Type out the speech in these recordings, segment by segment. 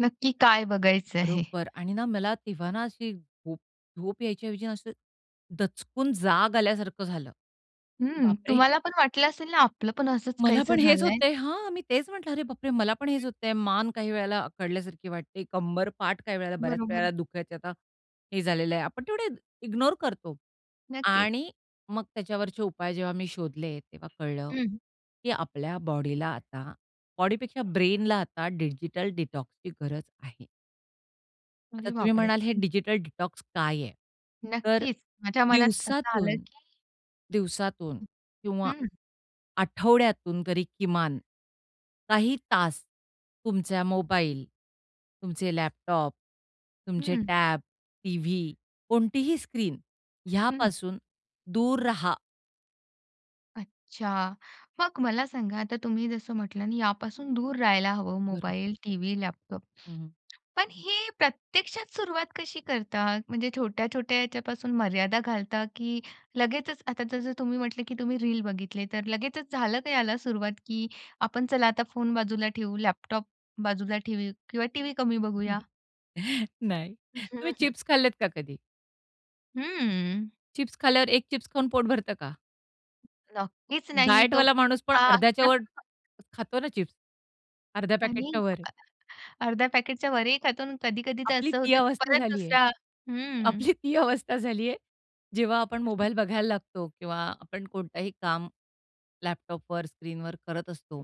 नक्की काय बघायचं आहे. बरोबर आणि ना मला तेव्हा ना, अशी झोप झोप यायच्याऐवजी असं दचकून जाग आल्यासारखं झालं. हं, बापरे! तुम्हाला पण वाटलं असेल ना, आपलं पण असंच मला काहीसं पण हेच झालंय. होतंय. हां, मी तेच म्हंटलं, अरे बापरे! मला पण हं. हेच होतय, मान काही वेळेला अखडल्यासारखी वाटते. कंबर, पाठ काही वेळेला बऱ्याच बरोबर. वेळेला दुखायचे, आता हे झालेलं आहे आपण तेवढे इग्नोर करतो नक्कीच. आणि मग त्याच्यावरचे उपाय जेव्हा मी शोधले तेव्हा कळलं, हं. की आपल्या बॉडीला आता बॉडीपेक्षा ब्रेनला आता डिजिटल डिटॉक्सची गरज आहे. आता अरे तुम्ही बापरे! म्हणाल हे हं. डिजिटल डिटॉक्स काय आहे? तर नक्कीच, माझ्या मनात असं आलं दिवसातून, की दिवसातून हं, किंवा हं. आठवड्यातून तरी किमान काही तास तुमचा मोबाईल, तुमचे लॅपटॉप, तुमचे हं. टॅब, टीव्ही कोणतीही स्क्रीन हं. ह्यापासून दूर राहा. अच्छा! मग मला सांगा आता तुम्ही जसं म्हटल, यापासून दूर राहायला हवं बरोबर. Mobile, TV, laptop. हं, हं. पण हे प्रत्यक्षात सुरुवात कशी करता? म्हणजे छोट्या-छोट्या ह्याच्यापासून मर्यादा घालता, की लगेचच आता जसं तुम्ही म्हटले, की तुम्ही रील बघितले तर लगेचच झालं का याला सुरुवात, की आपण चला आता फोन बाजूला ठेऊ, लॅपटॉप बाजूला ठेऊ किंवा टीव्ही कमी हं, हं. बघूया? नाही. हं, तुम्ही हं. चिप्स खाल्लेत का कधी? हं. चिप्स खाल्यावर एक चिप्स खाऊन पोट भरतं का? नक्कीच नाही तो डायटवाला माणूस पण हां. अर्ध्याच्या वर खातो ना चिप्स. अर्ध्या पॅकेटच्या आणि वर. [unintelligible] अर्ध्या पॅकेटच्या वरही खातो अन् कधी-कधी तर आपली असं ती होतं की अवस्था परत झाली आहे. दुसरा हं. आपली ती अवस्था झाली आहे. जेव्हा आपण मोबाईल [unintelligible] बघायला लागतो किंवा आपण कोणताही काम लॅपटॉपवर, स्क्रीनवर करत असतो,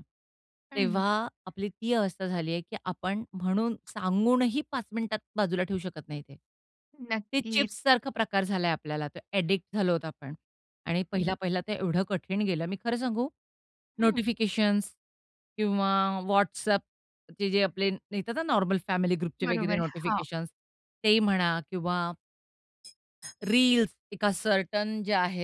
हं. तेव्हा आपली ती अवस्था झालीये, की आपण म्हणून सांगूनही 5 मिनिटात बाजूला ठेवू शकत नाही ते. ते नक्कीच. चिप्ससारखा प्रकार झालाय, आपल्याला ते एडिक्ट झालो आहोत आपण आणि हं. पहिला-पहिला तर एवढं कठीण गेलं मी खरं सांगू, हं. नोटिफिकेशन्स किंवा WhatsAppचे जे आपले येतात ना नॉर्मल फॅमिली ग्रुपचे बरोबर वगैरे आहे. हां. नोटिफिकेशन्स तेही म्हणा किंवा रील्स एका सर्टन जे आहेत.